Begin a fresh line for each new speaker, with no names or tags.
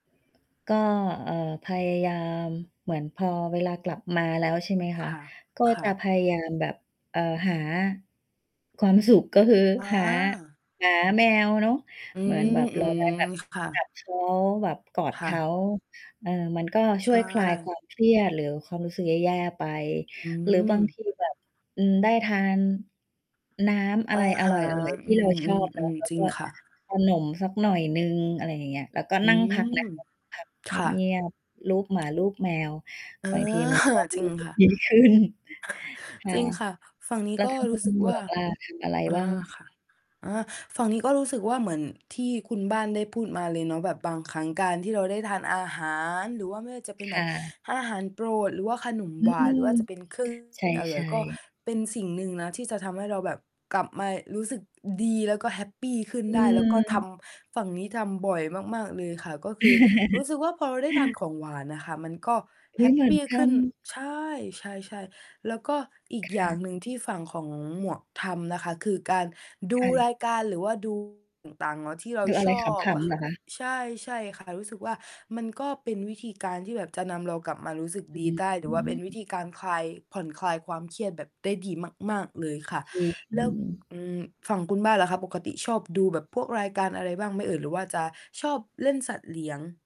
ก็ เอ่อ พยายามเหมือนพอเวลากลับมาแล้ว ใช่ไหมค
ค
ะ
่ะ
ก็
ค่
จะ
ะ
พยายามแบบ เอ่อ หา ความสุข ก็คือ
อ
หา
า
หาแมวเนาะ
อื
เหมือน
ม
แบบ
อื
เราไ
ม
ด้ แบบ
ค่ะ
จับเขา แบบ กอด
ค
เ
่
ข
ะ
า เออ มันก็
ใ
ช
ช
่วยคลายค
่
วามเครียด หรือความรู้สึกแย่ ๆ ไป
อื
หรือบาง
ม
ทีแบบ อืม ได้ทาน น้ำอ
อ
ะ
ะ
ไรอ
ฮ
ร
ะ
่อย ๆ ท
อื
ี่เรา ชอบเนาะ
ม ๆ
แล้
ๆ
ว
จริ
ก
ง
็
ค่ะ
ขนมสักหน่อยหนึ่ง อะไรอย่างเงี้ย แล้วก็
อื
นั่งพักน
ม
ะ เรานั่ง พักเ
ค่ะ
งียบ ๆ ลูบหมา ลูบแมว
อา
บางทีมันก็
จริ
ร
ง
ู้ สึ
ค
ก
่ะ
ดี ขึ้น ค่
จ
ะ
ริงค่ะ ฝั่งนี
แ
้
ล้ว
ก็
ทางค
ร
ุ
ู้ส
ณ
ึก
หม
ว่
ว
า
กล่ะ ทำอะไร
อ่า
บ้าง?
ค่ะ อา ฝั่งนี้ก็รู้สึกว่าเหมือนที่คุณบ้านได้พูดมาเลยเนาะ แบบบางครั้งการที่เราได้ทานอาหาร หรือว่าไม่ว่าจะเป็น
ค
แบ
่
บ
ะ
อาหารโปรด หรือว่าขนม
อื
หวาน ห
ม
รือว่าจะเป็น เครื่อง
ใช
อร่อย
่
ก็
ๆ
เป็นสิ่งหนึ่งนะที่จะทำให้เราแบบกลับมารู้สึกดี แล้วก็แฮปปีขึ้น
อ
ได้ แล้วก็ท
ืม
ำ ฝั่งนี้ทำบ่อยมาก ๆ เลยค่ะ ก็คือรู้สึกว่า พอเราได้ทานของหวานอะค่ะ ก็
เฮ
แฮ
้ย
ป
เหมื
ป
อน
ี
ก
ข
ั
ึ้
น
น ใช่ ใช่ ๆ แล้วก็อี
ค
กอย่
่
า
ะ
งหนึ่งที่ฝั่งของหมวกทำนะคะ คือการดู
ค่ะ
รายการ หรือว่า ดู ต่าง ๆ แล้วที่เรา
หรืออะ
ช
ไร
อบ
ข
อ
ำ
ะ
ๆ
ค
เห
่
ร
ะ
อคะ?
ใช่ ๆ ค่ะ รู้สึกว่ามันก็เป็นวิธีการที่แบบจะนำเรากลับมารู้สึก
จะ
ดี
มี
ได้
ก
ห
ล
ร
ุ
ื
่
อ
ม
ว่า
น
เ
ั
ป
้
็นวิ
น
ธีการคลาย ผ่อนคลายความเครียดแบบได้ดีมาก ๆ เลยค่ะ
จริ
แล้ว
ง
อืม ฝั่งคุณบ้านล่ะคะ ปกติชอบ ดูแบบพวกรายการอะไรบ้างไหมเอ่ย หรือว่าจะชอบเล่นสัตว์เลี้ยง?